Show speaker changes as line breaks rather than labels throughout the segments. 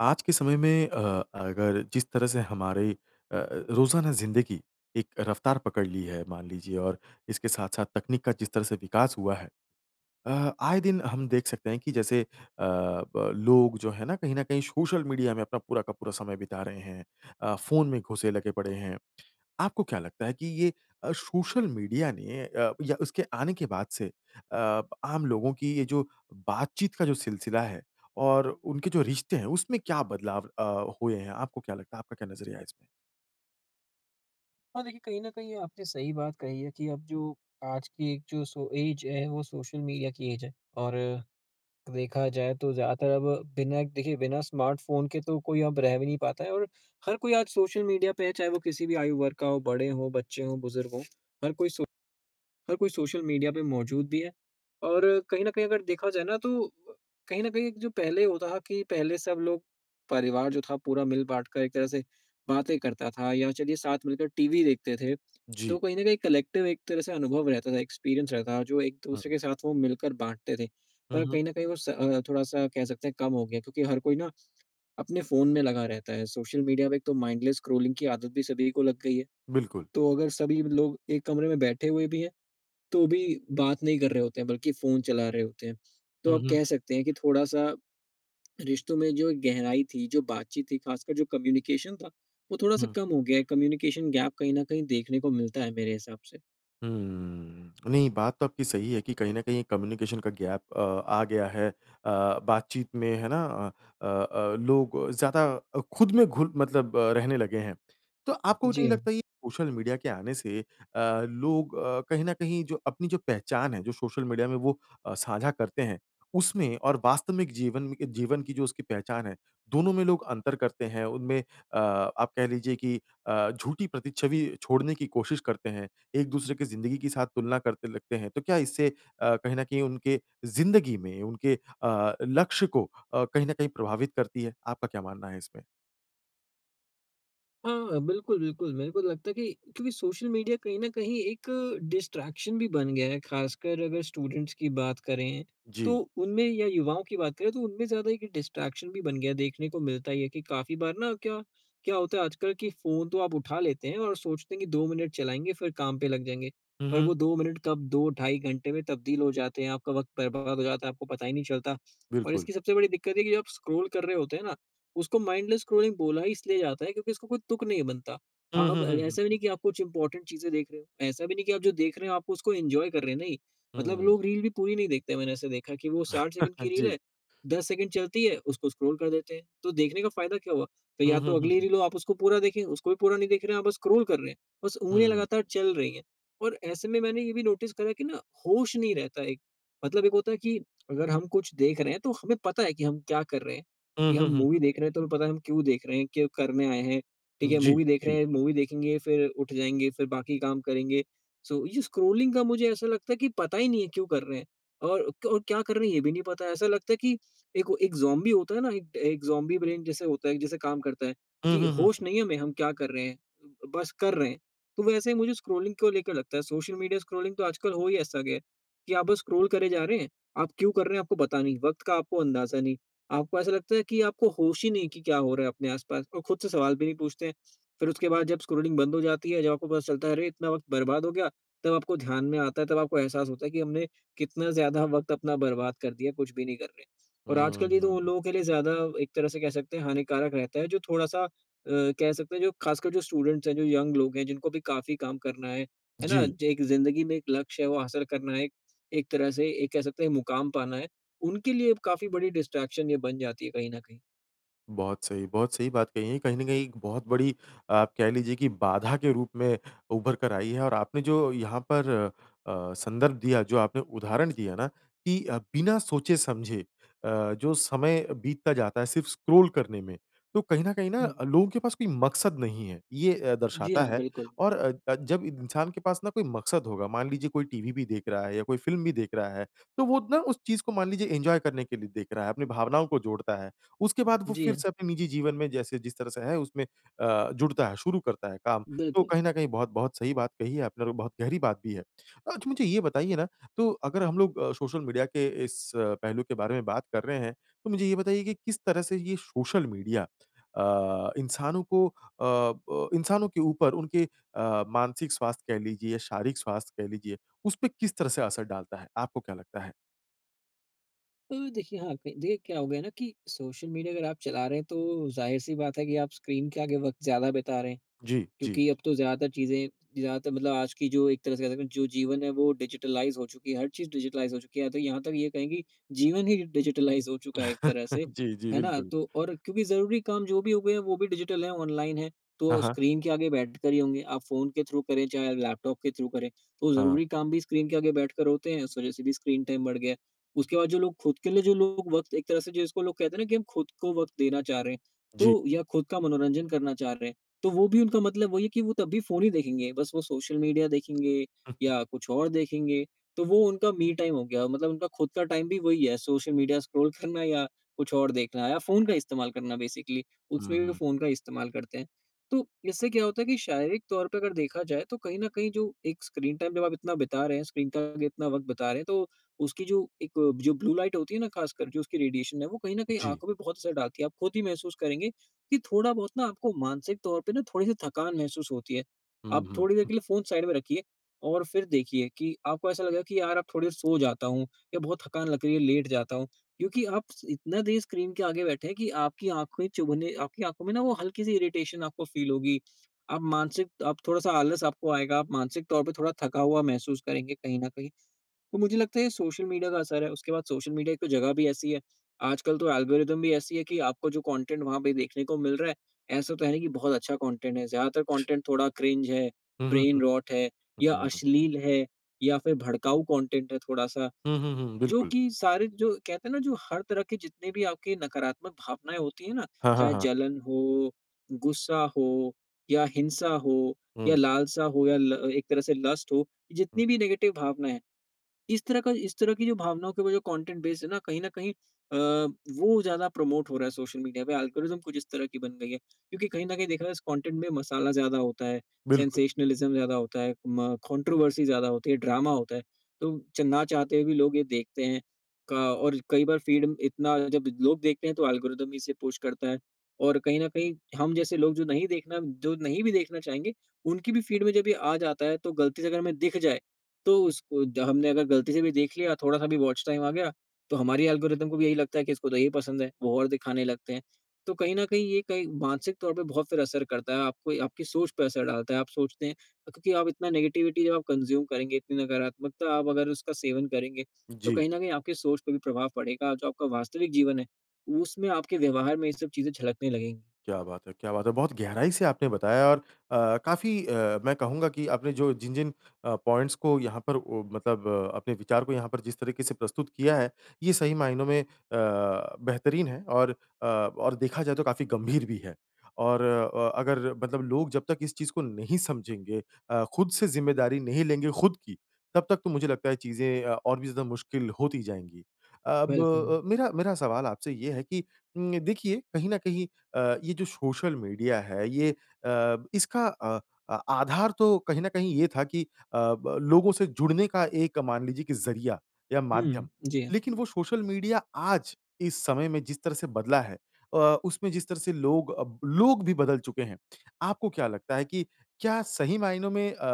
आज के समय में अ, अगर जिस तरह से हमारी अ अ, रोज़ाना जिंदगी, एक रफ़्तार पकड़ ली है मान लीजिए और इसके साथ-साथ तकनीक का जिस तरह से विकास हुआ है। अ, आए दिन हम देख सकते हैं कि जैसे अ, ब लोग जो है ना कहीं न कहीं सोशल मीडिया में अपना पूरा का पूरा समय बिता रहे हैं, अ, फ़ोन में घुसे लगे पड़े हैं। आपको क्या लगता है कि ये अ, सोशल मीडिया ने अ, या उसके आने के बाद से अ, प आम लोगों की ये जो बातचीत का जो सिलसिला है और उनके जो रिश्ते हैं उसमें क्या बदलाव अ, हुए हैं? आपको क्या लगता है? आपका क्या नज़रिया है इसमें?
हाँ देखिए कहीं न कहीं आपने सही बात कही है कि अब जो आज की एक जो सो एज है वो सोशल मीडिया की एज है। और देखा जाए तो ज़्यादातर अब बिना देखिए बिना स्मार्टफ़ोन के तो कोई अब रह भी नहीं पाता है और हर कोई आज सोशल मीडिया पे है चाहे वो किसी भी आयु वर्ग का हो बड़े हो बच्चे हो बुज़ुर्ग हो। हर कोई सो हर कोई सोशल मीडिया पे मौजूद भी है और कहीं न कहीं अगर देखा जाए ना तो अ, कहीं न कहीं एक जो पहले होता कि पहले सब लोग परिवार जो था पूरा मिल-बाँट कर एक तरह से बातें करता था या चलिए साथ मिलकर टीवी देखते थे तो
जी।
कहीं न कहीं कलेक्टिव एक तरह से अनुभव रहता था एक्सपीरियंस रहता जो एक-दूसरे
हुँ।
के साथ वो मिलकर बाँटते थे।
हुँ,
पर अब
हुँ।
कहीं न कहीं वो स अ, थोड़ा-सा कह सकते हैं कम हो गया क्योंकि हर कोई ना अपने फ़ोन में लगा रहता है सोशल मीडिया में एक तो माइंडलेस स्क्रोलिंग की आदत भी सभी को लग गई है।
बिल्कुल।
तो अगर सभी लोग एक कमरे में बैठे हुए भी हैं तो भी बात नहीं कर रहे होते हैं बल्कि फ़ोन चला रहे होते हैं। तो
हुँ,
अब
हुँ।
कह सकते हैं कि थोड़ा-सा रिश्तों में जो एक गहराई थी जो बातचीत थी खासकर जो कम्युनिकेशन था वो थोड़ा-सा
हुँ।
कम हो गया है कम्युनिकेशन गैप कहीं न कहीं देखने को मिलता है मेरे हिसाब से।
हुँ। अ, नहीं, बात तो आपकी सही है कि कहीं न कहीं एक कम्युनिकेशन का गैप अ, आ गया है अ, बातचीत में। है ना? अ अ, लोग ज़्यादा अ, खुद में घुल मतलब रहने लगे हैं। तो आपको
जी,
नहीं लगता,
हाँ।
ये सोशल मीडिया के आने से अ, लोग अ, कहीं न कहीं जो अपनी जो पहचान है, जो सोशल मीडिया में वो अ, साझा करते हैं, उसमें और वास्तविक जीवन म इ जीवन की जो उसकी पहचान है, दोनों में लोग अंतर करते हैं, उनमें अ, आप कह लीजिए कि अ, झूठी प्रति छवि छोड़ने की कोशिश करते हैं, एक-दूसरे की ज़िंदगी के साथ तुलना करते लगते हैं। तो क्या इससे अ, कहीं न कहीं उनके ज़िंदगी में उनके अ, लक्ष्य को अ, कहीं न कहीं प्रभावित करती है? आपका क्या मानना है इसमें?
हाँ, बिल्कुल, बिल्कुल। मेरे को तो लगता है कि क्योंकि सोशल मीडिया कहीं न कहीं एक डिस्ट्रैक्शन भी बन गया है, खासकर अगर स्टूडेंट्स की बात करें, तो
जी।
उनमें या युवाओं की बात करें, तो उनमें ज़्यादा एक डिस्ट्रैक्शन भी बन गया है। देखने को मिलता ही है कि काफ़ी बार ना क्या, क्या होता है आजकल कि फ़ोन तो आप उठा लेते हैं और सोचते हैं कि 2 मिनट चलाएँगे, फिर काम पे लग जाएँगे।
हुँ,
पर
हुँ।
वो 2 मिनट कब 2, ढाई घंटे में तब्दील हो जाते हैं, आपका वक़्त बर्बाद हो जाता है, आपको पता ही नहीं चलता और
बिल्कुल।
इसकी सबसे बड़ी दिक्कत है कि जब आप स्क्रॉल कर रहे होते हैं ना, उसको माइंडलेस स्क्रॉलिंग बोला ही इसलिए जाता है क्योंकि उसका कोई तुक नहीं बनता।
हुँ,
आप
हुँ,
अ,
हुँ, हुँ,
ऐसा भी
हुँ।
नहीं कि आप कुछ इम्पोर्टेंट चीज़ें देख रहे हो। ऐसा भी नहीं कि आप जो देख रहे हो, आपको उसको एन्जॉय कर रहे हैं, नहीं। मतलब
हुँ।
लोग रील भी पूरी नहीं देखते, मैंने ऐसा देखा है कि वो 60 सेकंड की रील
जी।
है, 10 सेकंड चलती है, उसको स्क्रॉल कर देते हैं। तो देखने का फ़ायदा क्या हुआ? तो
हुँ,
या
हुँ,
तो
हुँ,
अगली
हुँ।
रील हो, आप उसको पूरा देखें, उसको भी पूरा नहीं देख रहे हैं, आप बस स्क्रॉल कर रहे हैं। बस उँगलियाँ
हुँ।
लगातार चल रही हैं और ऐसे में मैंने ये भी नोटिस करा है कि ना, होश नहीं रहता एक। मतलब एक होता है कि अगर हम कुछ देख रहे हैं, तो हमें पता है कि हम क्या कर रहे हैं
हुँ,
कि हम
हुँ, हुँ,
मूवी
हुँ।
देख रहे हैं, तो हमें पता है, हम क्यों देख रहे हैं, क्या करने आए हैं। ठीक है,
जी,
मूवी देख रहे
जी।
हैं, मूवी देखेंगे, फिर उठ जाएँगे, फिर बाकी काम करेंगे। सो ये स्क्रोलिंग का मुझे ऐसा लगता है कि पता ही नहीं है, क्यों कर रहे हैं और क और क्या कर रहे हैं? ये भी नहीं पता है। ऐसा लगता है कि एक हो एक ज़ॉम्बी होता है ना, एक अ, एक ज़ॉम्बी ब्रेन जैसे होता है कि जैसे काम करता है
हुँ,
कि
हुँ, हुँ,
होश
हुँ।
नहीं है हमें, हम क्या कर रहे हैं, बस कर रहे हैं। तो वैसे ही मुझे स्क्रॉलिंग को लेकर लगता है। सोशल मीडिया स्क्रोलिंग तो आजकल हो ही ऐसा गया कि आप बस स्क्रॉल करे जा रहे हैं, आप क्यों कर रहे हैं? आपको पता नहीं, वक़्त का आपको अंदाज़ा नहीं। आपको ऐसा लगता है कि आपको होश ही नहीं कि क्या हो रहा है अपने आस-पास और खुद से सवाल भी नहीं पूछते हैं। फिर उसके बाद जब स्क्रॉल बंद हो जाती है, जब आपको पता चलता है, "अरे! इतना वक़्त बर्बाद हो गया।" तब आपको ध्यान में आता है, तब आपको एहसास होता है कि हमने कितना ज़्यादा वक़्त अपना बर्बाद कर दिया, कुछ भी नहीं कर रहे हैं। और आजकल ये तो उन
हुँ।
लोगों के लिए ज़्यादा एक तरह से कह सकते हैं, हानिकारक रहता है, जो थोड़ा-सा अ, कह सकते हैं, जो खासकर जो स्टूडेंट्स हैं, जो यंग लोग हैं, जिनको अभी काफ़ी काम करना है। है ना?
जी।
ज एक ज़िंदगी में एक लक्ष्य है, वो हासिल करना है एक, एक तरह से एक कह सकते हैं, मुकाम पाना है। उनके लिए अब काफ़ी बड़ी डिस्ट्रैक्शन ये बन जाती है कहीं न कहीं।
बहुत सही, बहुत सही बात कही है। कहीं न कहीं एक बहुत बड़ी आप कह लीजिए कि बाधा के रूप में उभरकर आई है और आपने जो यहाँ पर अ, संदर्भ दिया जो आपने उदाहरण दिया ना कि अ, बिना सोचे-समझे अ, जो समय बीतता जाता है सिर्फ़ स्क्रॉल करने में तो कहीं न कहीं ना
हुँ।
लोगों के पास कोई मकसद नहीं है। ये अ,
जी
दर्शाता
हाँ,
है
बिल्कुल।
और अ, जब इंसान के पास ना कोई मकसद होगा मान लीजिए कोई टीवी भी देख रहा है या कोई फ़िल्म भी देख रहा है तो वो ना उस चीज़ को मान लीजिए एन्जॉय करने के लिए देख रहा है। अपनी भावनाओं को जोड़ता है। उसके बाद वो
जी
फ़िर
हाँ।
से अपने निजी जीवन में जैसे जिस तरह से है उसमें अ, जुड़ता है, शुरू करता है काम। तो
बिल्कुल।
कहीं न कहीं बहुत-बहुत सही बात कही है आपने और बहुत गहरी बात भी है। अच्छा मुझे ये बताइए ना, तो अगर हम लोग सोशल मीडिया के इस पहलू के बारे में बात कर रहे हैं। तो मुझे ये बताइए कि किस तरह से ये सोशल मीडिया अ, इंसानों को अ प इंसानों के ऊपर उनके अ, मानसिक स्वास्थ कह लीजिए, शारीरिक स्वास्थ कह लीजिए, उसपे किस तरह से असर डालता है? आपको क्या लगता है?
तो देखिए यहाँ पे, देखिए क्या हो गया ना कि सोशल मीडिया अगर आप चला रहे हैं तो ज़ाहिर सी बात है कि आप स्क्रीन के आगे वक्त ज़्यादा बिता रहे हैं।
जी। जी।
क्योंकि अब तो ज़्यादातर चीज़ें जहाँ तक मतलब आज की जो एक तरह से, जो जीवन है वो डिजिटलाइज़ हो चुकी है हर चीज़ डिजिटलाइज़ हो चुकी है। या तो यहाँ तक ये कहेंगे जीवन ही डिजिटलाइज़ हो चुका है एक तरह से,
जी, जी
है ना?
बिल्कुल।
तो और क्योंकि ज़रूरी काम जो भी हो गए हैं वो भी डिजिटल है, ऑनलाइन है
हाँ,
तो
हाँ।
स्क्रीन के आगे बैठ कर ही होंगे आप फ़ोन के थ्रू करें चाहे लैपटॉप के थ्रू करें तो
हाँ।
ज़रूरी काम भी स्क्रीन के आगे बैठकर होते हैं। इस वजह से भी स्क्रीन टाइम बढ़ गया है। उसके बाद जो लोग खुद के लिए जो लोग वक़्त एक तरह से जिसको लोग कहते हैं ना कि हम खुद को वक़्त देना चाह रहे हैं
जी।
तो या खुद का मनोरंजन करना चाह रहे हैं। तो वो भी उनका मतलब वही है कि वो तब भी फ़ोन ही देखेंगे, बस वो सोशल मीडिया देखेंगे
हुँ।
या कुछ और देखेंगे तो वो उनका मी टाइम हो गया। मतलब उनका खुद का टाइम भी वही है, सोशल मीडिया स्क्रॉल करना या कुछ और देखना या फ़ोन का इस्तेमाल करना बेसिकली
हुँ,
उसमें भी वो
हुँ।
फ़ोन का इस्तेमाल करते हैं। तो इससे क्या होता है कि शारीरिक तौर पे अगर देखा जाए तो कहीं न कहीं जो एक स्क्रीन टाइम जब आप इतना बिता रहे हैं, स्क्रीन के आगे इतना वक़्त बिता रहे हैं तो उसकी जो एक जो ब्लू लाइट होती है ना ख़ास कर जो उसकी रेडिएशन है, वो कहीं न कहीं
जी।
आँखों पे बहुत असर डालती है। आप खुद ही महसूस करेंगे कि थोड़ा-बहुत ना आपको मानसिक तौर पे ना थोड़ी सी थकान महसूस होती है।
हुँ,
आप
हुँ।
थोड़ी देर के लिए फ़ोन साइड में रखिए और फ़िर देखिए कि आपको ऐसा लगेगा कि यार अब थोड़ी देर सो जाता हूँ या बहुत थकान लग रही है, लेट जाता हूँ। क्योंकि आप इतना देर स्क्रीन के आगे बैठे हैं कि आपकी आँखे चुभने आपकी आँखों में ना वो हल्की-सी इरिटेशन आपको फ़ील होगी। अब मानसिक अब थोड़ा-सा आलस आपको आएगा, आप मानसिक तौर पे थोड़ा थका हुआ महसूस करेंगे कहीं न कहीं। तो मुझे लगता है ये सोशल मीडिया का असर है उसके बाद सोशल मीडिया एक तो जगह भी ऐसी है। आजकल तो एल्गोरिदम भी ऐसी है कि आपको जो कॉन्टेन्ट वहाँ पे देखने को मिल रहा है, ऐसा तो है नहीं कि बहुत अच्छा कॉन्टेन्ट है। ज़्यादातर कॉन्टेन्ट थोड़ा क्रिंज है,
हुँ, हुँ,
ब्रेन-रोट है या
हुँ। [unintelligible]
अश्लील है, या फ़िर भड़काऊ कॉन्टेन्ट है थोड़ा-सा।
हुँ, हुँ, हुँ,
जो
बिल्कुल।
कि सारे जो कहते हैं ना जो हर तरह के जितने भी आपके नकारात्मक भावनाएँ होती है ना?
हाँ, हाँ,
चाहे
हाँ।
जलन हो, गुस्सा हो, या हिंसा हो, या
हुँ।
लालसा हो या ल एक तरह से लस्ट हो,
हुँ।
जितनी भी नेगेटिव भावनाएँ है इस तरह का इस तरह की जो भावनाओं के वो जो कॉन्टेन्ट बेस है ना, कहीं न कहीं अ, वो ज़्यादा प्रमोट हो रहा है सोशल मीडिया पे एल्गोरिदम कुछ इस तरह की बन गयी है। क्योंकि कहीं न कहीं देखा जाए इस कॉन्टेन्ट में मसाला ज़्यादा होता है
बिल्कुल।
सेंसेशनलिज़्म ज़्यादा होता है म कॉन्ट्रोवर्सी ज़्यादा होती है, ड्रामा होता है। तो च ना चाहते हुए भी लोग ये देखते हैं। क और कई बार फ़ीड इतना जब लोग देखते हैं तो एल्गोरिदम भी इसे पुश करता है। और कहीं न कहीं हम जैसे लोग जो नहीं देखना, जो नहीं भी देखना चाहेंगे, उनकी भी फ़ीड में जब ये आ जाता है तो गलती से अगर हमें दिख जाए तो उसको द हमने अगर गलती से भी देख लिया, थोड़ा-सा भी वॉच टाइम आ गया, तो हमारी एल्गोरिदम को भी यही लगता है कि इसको तो यही पसंद है, वो और दिखाने लगते हैं। तो कहीं न कहीं ये कहे मानसिक तौर पे बहुत फ़िर असर करता है। आपको आपकी सोच पे असर डालता है आप सोचते हैं क क्योंकि आप इतना नेगेटिविटी जब आप कंज़्यूम करेंगे, इतनी नकारात्मकता आप अगर उसका सेवन करेंगे, तो
जी।
कहीं न कहीं आपके सोच पे भी प्रभाव पड़ेगा। जो आपका वास्तविक जीवन है उसमें आपके व्यवहार में ये सब चीज़ें झलकने लगेंगी।
क्या बात है, क्या बात है! बहुत गहराई से आपने बताया और अ, काफ़ी अ, मैं कहूँगा कि आपने जो जिन-जिन अ, पॉइंट्स को यहाँ पर ओ मतलब अ, अपने विचार को यहाँ पर जिस तरीके से प्रस्तुत किया है। ये सही मायनों में अ, बेहतरीन है और अ, और देखा जाए तो काफ़ी गंभीर भी है। और अ, अगर मतलब लोग जब तक इस चीज़ को नहीं समझेंगे अ, खुद से ज़िम्मेदारी नहीं लेंगे खुद की, तब तक तो मुझे लगता है चीज़ें अ, और भी ज़्यादा मुश्किल होती जाएँगी। अब
बिल्कुल।
अ, मेरा मेरा सवाल आपसे ये है कि उम, देखिए कहीं न कहीं अ, ये जो सोशल मीडिया है ये अ, इसका अ अ, आधार तो कहीं न कहीं ये था कि अ ब लोगों से जुड़ने का एक मान लीजिए की ज़रिया या माध्यम।
हुँ। जी हाँ।
लेकिन वो सोशल मीडिया आज इस समय में जिस तरह से बदला है अ, उसमें जिस तरह से लोग अब, लोग भी बदल चुके हैं। आपको क्या लगता है कि क्या सही मायनों में अ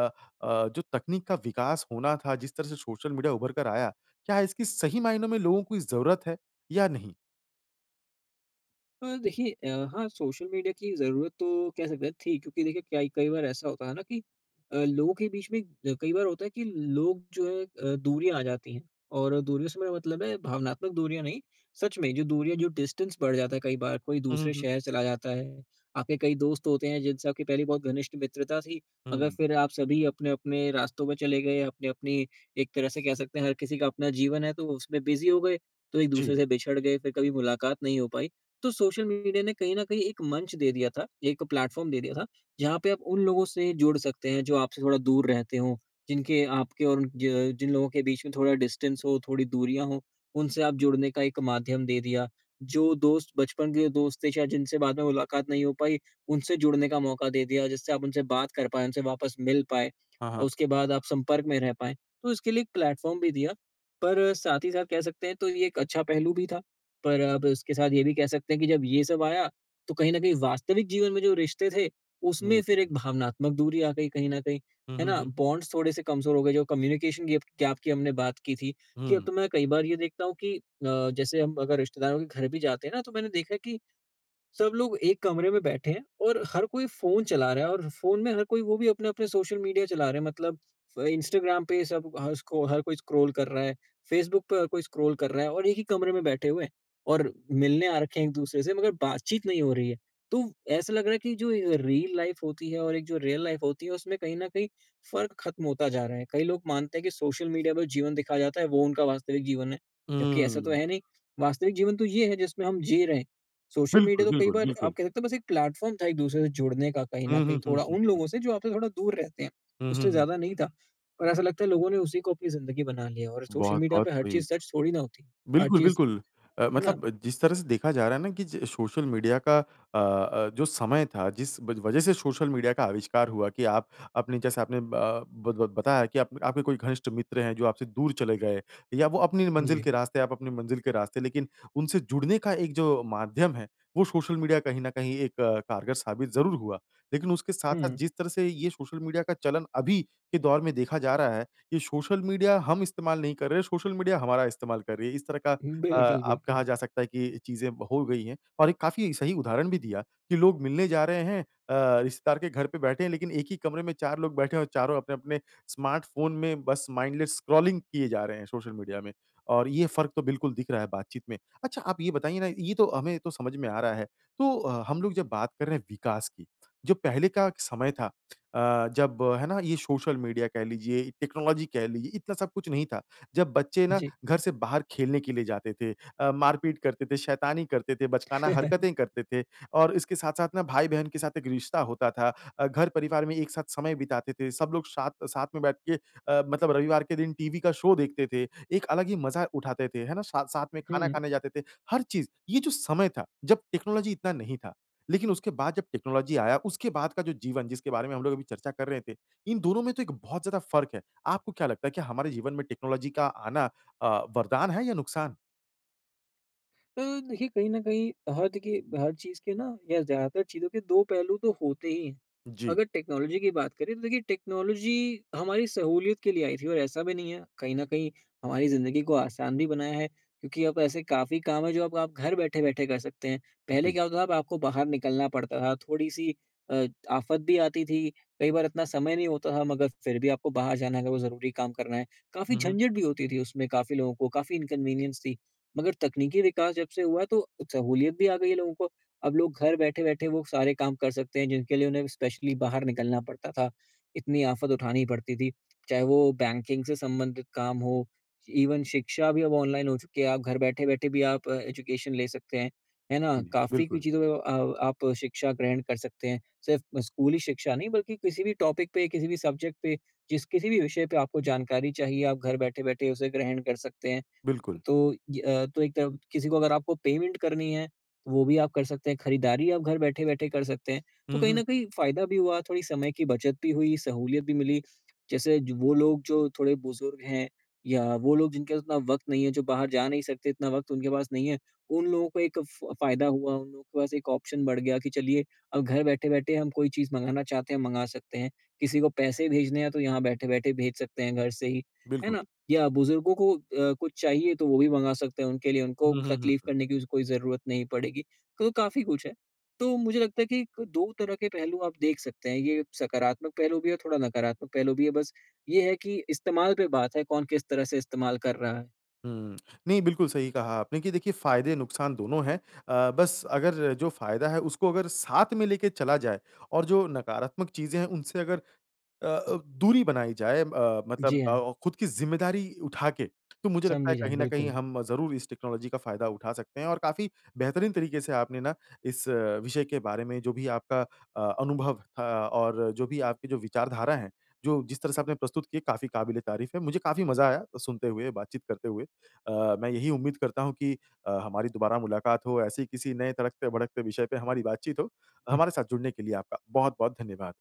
अ, जो तकनीक का विकास होना था जिस तरह से सोशल मीडिया उभर कर आया, क्या इसकी सही मायनों में लोगों की ज़रूरत है या नहीं?
अ, देखिए अ, हाँ सोशल मीडिया की ज़रूरत तो कह सकते हैं थी क्योंकि देखिए क्या कई बार ऐसा होता है ना कि अ, लोगों के बीच में अ, कई बार होता है कि लोग जो है अ, दूरियाँ आ जाती हैं। और दूरियों से मेरा मतलब है भावनात्मक दूरियाँ नहीं, सच में जो दूरियाँ जो डिस्टेंस बढ़ जाता है कई बार। कोई
हुँ, हुँ,
दूसरे
हुँ।
शहर चला जाता है, आपके कई दोस्त होते हैं जिनसे आपकी पहली बहुत घनिष्ठ मित्रता थी, मगर
हुँ।
फिर आप सभी अपने-अपने रास्तों पे चले गए अपनी-अपनी एक तरह से कह सकते हैं, हर किसी के अपना जीवन है तो उसमें बिज़ी हो गए, तो एक-दूसरे
जी।
से बिछड़ गए, फिर कभी मुलाकात नहीं हो पाई। तो सोशल मीडिया ने कहीं न कहीं एक मंच दे दिया था, एक प्लेटफ़ॉर्म दे दिया था जहाँ पे आप उन लोगों से जुड़ सकते हैं जो आपसे थोड़ा दूर रहते हों, जिनके आपके और उन, ज जिन लोगों के बीच में थोड़ा डिस्टेंस हो, थोड़ी दूरियाँ हो, उनसे आप जुड़ने का एक माध्यम दे दिया। जो दोस्त बचपन के दोस्त थे, शायद जिनसे बाद में मुलाकात नहीं हो पाई, उनसे जुड़ने का मौका दे दिया, जिससे आप उनसे बात कर पाएँ, वापस मिल पाएँ
हाँ,
और
हाँ।
उसके बाद आप संपर्क में रह पाएँ। तो इसके लिए एक प्लेटफॉर्म भी दिया, पर साथ ही साथ कह सकते हैं, तो ये एक अच्छा पहलू भी था। पर अब उसके साथ ये भी कह सकते हैं कि जब ये सब आया, तो कहीं न कहीं वास्तविक जीवन में जो रिश्ते थे,
हुँ, हुँ,
उसमें फिर एक
हुँ।
भावनात्मक दूरी आ गई कहीं न कहीं।
हुँ,
है
हुँ,
ना?
हुँ।
बॉन्ड्स थोड़े-से कमज़ोर हो गए, जो कम्युनिकेशन गिप गैप की हमने बात की थी, कि अब
हुँ।
तो मैं कई बार ये देखता हूँ कि अ, जैसे हम अगर रिश्तेदारों के घर भी जाते हैं ना तो मैंने देखा है कि, सब लोग 1 कमरे में बैठे हैं और हर कोई फ़ोन चला रहा है और फ़ोन में हर कोई वो भी अपने-अपने सोशल मीडिया चला रहे हैं। मतलब अ, इंस्टाग्राम पे, सब हसको हर कोई स्क्रॉल कर रहा है, फ़ेसबुक पे हर कोई स्क्रॉल कर रहा है और एक ही कमरे में बैठे हुए, और मिलने आ रखे हैं एक-दूसरे से, मगर बातचीत नहीं हो रही है। तो ऐसा लग रहा है कि जो ए रील लाइफ होती है और एक जो रियल लाइफ होती है उसमें कहीं न कहीं फ़र्क ख़त्म होता जा रहा है। कई लोग मानते हैं कि सोशल मीडिया पे जीवन दिखाया जाता है, वो उनका वास्तविक जीवन है, जबकि ऐसा तो
हुँ।
है नहीं, वास्तविक जीवन तो ये है जिसमें हम जी रहे हैं। सोशल
बिल्कुल,
मीडिया तो कई
बिल्कुल,
बार आप
बिल्कुल।
कह सकते हो बस एक प्लेटफॉर्म था एक-दूसरे से जुड़ने का कहीं न
हुँ, हुँ,
कहीं,
हुँ,
थोड़ा
हुँ,
उन
हुँ।
लोगों से जो आपसे थोड़ा दूर रहते हैं,
हुँ, हुँ,
उससे
हुँ।
ज़्यादा नहीं था। और ऐसा लगता है लोगों ने उसी को अपनी ज़िंदगी बना लिया और सोशल
बहुत,
मीडिया
बहुत
पे हर
सही।
चीज़ सच थोड़ी ना होती, हर
बिल्कुल,
चीज़।
बिल्कुल अ,
है ना?
मतलब जिस तरह से देखा जा रहा है ना कि ज सोशल मीडिया का अ अ, जो समय था जिस व वजह से सोशल मीडिया का आविष्कार हुआ कि आप अपने जैसे आपने अ, बत बत बताया कि आप आपके कोई घनिष्ठ मित्र हैं, जो आपसे दूर चले गए या वो अपनी मंजिल
जी।
के रास्ते आप अपनी मंजिल के रास्ते लेकिन उनसे जुड़ने का एक जो माध्यम है वो सोशल मीडिया कहीं न कहीं एक कारगर साबित ज़रूर हुआ। लेकिन उसके साथ-साथ
हुँ।
जिस तरह से ये सोशल मीडिया का चलन अभी के दौर में देखा जा रहा है, ये सोशल मीडिया हम इस्तेमाल नहीं कर रहे, सोशल मीडिया हमारा इस्तेमाल कर रही है। इस तरह का
उ,
अ,
बिल्कुल,
अब
बिल्कुल।
कहा जा सकता है कि चीज़ें हो गई हैं और एक काफ़ी सही उदाहरण भी दिया कि लोग मिलने जा रहे हैं अ, रिश्तेदार के घर पे बैठे हैं लेकिन, एक ही कमरे में 4 लोग बैठे हैं और चारों अपने-अपने स्मार्टफ़ोन में बस माइंडलेस स्क्रॉलिंग किए जा रहे हैं, सोशल मीडिया में और ये फ़र्क तो बिल्कुल दिख रहा है बातचीत में। अच्छा आप ये बताइए ना, ये तो हमें तो समझ में आ रहा है। तो अ, हम लोग जब बात कर रहे हैं विकास की, जो पहले का समय था अ, जब है ना ये सोशल मीडिया कह लीजिए, टेक्नोलॉजी कह लीजिए, इतना सब कुछ नहीं था। जब बच्चे ना
जी।
घर से बाहर खेलने के लिए जाते थे, अ, मारपीट करते थे, शैतानी करते थे, बचकाना हरकतें करते थे और इसके साथ-साथ ना भाई-बहन के साथ एक रिश्ता होता था। अ, घर-परिवार में एक साथ समय बिताते थे, सब लोग शाथ साथ में बैठ के अ, मतलब रविवार के दिन टीवी का शो देखते थे, एक अलग ही मज़ा उठाते थे, है ना साथ-साथ में खाना
हुँ।
खाने जाते थे, हर चीज़ ये जो समय था जब टेक्नोलॉजी इतना नहीं था। लेकिन उसके बाद जब टेक्नोलॉज़ी आया, उसके बाद का जो जीवन जिसके बारे में हम लोग अभी चर्चा कर रहे थे, इन दोनों में तो एक बहुत ज़्यादा फर्क है। आपको क्या लगता है कि हमारे जीवन में टेक्नोलॉजी का आना अ, वरदान है या नुकसान?
अ, देखिए कहीं न कहीं अ, हाँ देखिए हर चीज़ के ना या ज़्यादातर चीज़ों के 2 पहलू तो होते ही हैं।
जी।
अगर टेक्नोलॉजी की बात करें तो देखिए टेक्नोलॉजी हमारी सहूलियत के लिए आई थी और ऐसा भी नहीं है कहीं न कहीं हमारी ज़िंदगी को आसान भी बनाया है। क्योंकि अब ऐसे काफ़ी काम है, जो अब आप घर बैठे-बैठे कर सकते हैं। पहले
जी।
क्या होता था अब आपको बाहर निकलना पड़ता था। थोड़ी-सी अ, आफ़त भी आती थी। कई बार इतना समय नहीं होता था मगर फिर भी आपको बाहर जाना है अगर वो ज़रूरी काम करना है, काफ़ी
हुँ, हुँ।
झंझट भी होती थी उसमें। काफ़ी लोगों को काफ़ी इनकन्वीनियंस थी। मगर तकनीकी विकास जब से हुआ, तो सहूलियत भी आ गई है लोगों को। अब लोग घर बैठे-बैठे वो सारे काम कर सकते हैं, जिनके लिए उन्हें स्पेशली बाहर निकलना पड़ता था। इतनी आफ़त उठानी पड़ती थी। चाहे वो बैंकिंग से संबंधित काम हो, इवन शिक्षा भी अब ऑनलाइन हो चुकी है। आप घर बैठ-बैठे भी आप एजुकेशन ले सकते हैं। है ना?
जी
काफ़ी कुछ
बिल्कुल।
चीज़ों अ, आप शिक्षा ग्रहण कर सकते हैं। सिर्फ़ स्कूली शिक्षा नहीं, बल्कि किसी भी टॉपिक पे किसी भी सब्जेक्ट पे, जिस किसी भी विषय पे आपको जानकारी चाहिए, आप घर बैठे-बैठे उसे ग्रहण कर सकते हैं।
बिल्कुल।
तो ये अ, तो एक तरफ किसी को अगर आपको पेमेंट करनी है तो वो भी आप कर सकते हैं। खरीदारी आप घर बैठे-बैठे कर सकते हैं। तो
हुँ,
कहीं न
हुँ।
कहीं फ़ायदा भी हुआ, थोड़ी समय की बचत भी हुई, सहूलियत भी मिली। जैसे ज वो लोग जो थोड़े बुज़ुर्ग हैं, या वो लोग जिनके पास उतना वक़्त नहीं है, जो बाहर जा नहीं सकते, इतना वक़्त उनके पास नहीं है। उन लोगों को एक फ फ़ायदा हुआ, उन लोगों के पास एक ऑप्शन बढ़ गया कि चलिए अ, घर बैठे-बैठे हम कोई चीज़ मँगाना चाहते हैं, मँगा सकते हैं। किसी को पैसे भेजने हैं, तो यहाँ बैठे-बैठे भेज सकते हैं घर से ही, है
बिल्कुल।
ना? या बुजुर्गों को अ, कुछ चाहिए तो वो भी मँगा सकते हैं उनके लिए। उनको
हुँ, हुँ,
तकलीफ
हुँ।
करने की ज़ ज़रूरत नहीं पड़ेगी। तो काफ़ी कुछ है। तो मुझे लगता है कि क तो 2 तरह के पहलू आप देख सकते हैं। ये सकारात्मक पहलू भी है और थोड़ा नकारात्मक पहलू भी है। बस ये है कि इस्तेमाल पे बात है कौन किस तरह से इस्तेमाल कर रहा है।
हुँ। नहीं बिल्कुल सही कहा आपने कि देखिए फ़ायदे नुकसान दोनों है। अ, बस अगर जो फ़ायदा है उसको अगर साथ में लेके चला जाए और जो नकारात्मक चीज़ें हैं उनसे अगर अ अ, दूरी बनाई जाए अ, मतलब
जी
अ
हाँ।
अ, खुद की ज़िम्मेदारी उठा के। तो मुझे लगता है
समझी जाएँ,
कहीं न कहीं
बिल्कुल।
हम ज़रूर, इस टेक्नोलॉजी का फ़ायदा उठा सकते हैं। और काफ़ी बेहतरीन तरीके से आपने ना इस विषय के बारे में, जो भी आपका अ, अनुभव था और जो भी आपके जो विचारधारा है, जो जिस तरह से आपने प्रस्तुत की काफ़ी क़ाबिल-ए-तारीफ़ है। मुझे काफ़ी मज़ा आया, सुनते हुए बातचीत करते हुए। अ, मैं यही उम्मीद करता हूँ कि अ, हमारी दोबारा मुलाकात हो, ऐसे ही किसी नए तड़कते-भड़कते विषय पे हमारी बातचीत हो।
हुँ।
हमारे साथ जुड़ने के लिए आपका बहुत-बहुत धन्यवाद।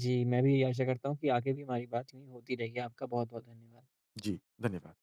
जी मैं भी यही आशा करता हूँ कि आगे भी हमारी बात यूँ ही होती रहेगी। आपका बहुत-बहुत धन्यवाद।
जी, धन्यवाद।